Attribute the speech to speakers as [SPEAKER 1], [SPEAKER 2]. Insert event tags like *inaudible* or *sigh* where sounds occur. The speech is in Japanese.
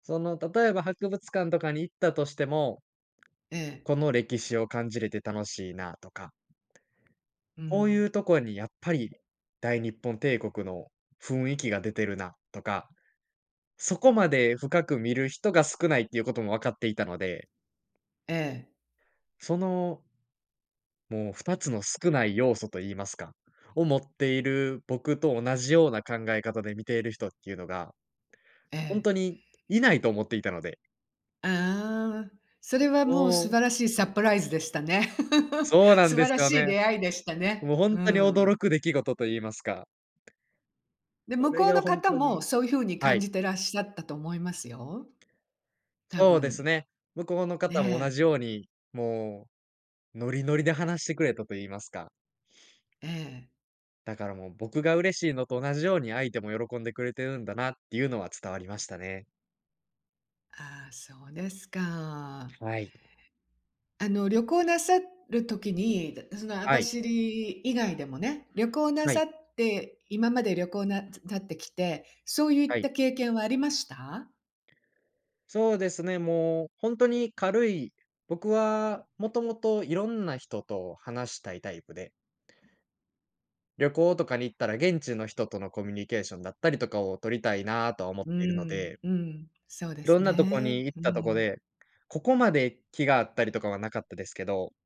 [SPEAKER 1] その例えば博物館とかに行ったとしても、
[SPEAKER 2] ええ。
[SPEAKER 1] この歴史を感じれて楽しいなとか
[SPEAKER 2] う
[SPEAKER 1] こうい
[SPEAKER 2] ん。
[SPEAKER 1] うとこにやっぱり、大日本帝国の雰囲気が出てるなとか、そこまで深く見る人が少ないっていうことも分かっていたので。
[SPEAKER 2] ええ。
[SPEAKER 1] そのもう2つの少ない要素と言いますか、を持っている僕と同じような考え方で見ている人っていうのが、
[SPEAKER 2] え
[SPEAKER 1] ほん
[SPEAKER 2] え。
[SPEAKER 1] とにいないと思っていたので。
[SPEAKER 2] ああ、それはもう
[SPEAKER 1] う
[SPEAKER 2] 素
[SPEAKER 1] ん。
[SPEAKER 2] 晴らしいサプライズでしたね。
[SPEAKER 1] そう
[SPEAKER 2] *laughs*
[SPEAKER 1] なん
[SPEAKER 2] 素
[SPEAKER 1] で
[SPEAKER 2] 晴ら
[SPEAKER 1] すよ
[SPEAKER 2] しい
[SPEAKER 1] ね。
[SPEAKER 2] 出会いでしたね。
[SPEAKER 1] もうほ
[SPEAKER 2] う
[SPEAKER 1] ん
[SPEAKER 2] ー
[SPEAKER 1] とに
[SPEAKER 2] ん。
[SPEAKER 1] 驚く出来事と言いますか。
[SPEAKER 2] で、
[SPEAKER 1] そ
[SPEAKER 2] 向
[SPEAKER 1] れ
[SPEAKER 2] こう
[SPEAKER 1] が
[SPEAKER 2] の
[SPEAKER 1] ほん
[SPEAKER 2] 方
[SPEAKER 1] とに
[SPEAKER 2] も、そういうふうに
[SPEAKER 1] は
[SPEAKER 2] 感
[SPEAKER 1] い。
[SPEAKER 2] じていらっしゃったと思いますよ。多
[SPEAKER 1] そうです
[SPEAKER 2] 分。
[SPEAKER 1] ね、向こうの方も同
[SPEAKER 2] ね。
[SPEAKER 1] じように、もうノリノリで話してくれたと言いますか。
[SPEAKER 2] ええ。
[SPEAKER 1] だからもう、僕が嬉しいのと同じように相手も喜んでくれてるんだなっていうのは伝わりましたね。
[SPEAKER 2] ああ、そうですか。
[SPEAKER 1] はい。
[SPEAKER 2] あの旅行なさる時に、その網
[SPEAKER 1] はい。
[SPEAKER 2] 走以外でもね、旅行な
[SPEAKER 1] はい。
[SPEAKER 2] さって今まで旅行なさってきて、そうい
[SPEAKER 1] は
[SPEAKER 2] った
[SPEAKER 1] い。
[SPEAKER 2] 経験はありました？
[SPEAKER 1] そうですね、もうほんとに軽い、僕はもともといろんな人と話したいタイプで旅行とかに行ったら、現地の人とのコミュニケーションだったりとかを取りたいなとは思っ
[SPEAKER 2] うー
[SPEAKER 1] ているの
[SPEAKER 2] ん。
[SPEAKER 1] で。
[SPEAKER 2] うん。そうで
[SPEAKER 1] 色
[SPEAKER 2] す
[SPEAKER 1] んなとこ
[SPEAKER 2] ね。
[SPEAKER 1] に行っ
[SPEAKER 2] う
[SPEAKER 1] たとこ
[SPEAKER 2] ん。
[SPEAKER 1] で、ここまで気が合ったりとかは無かったですけど。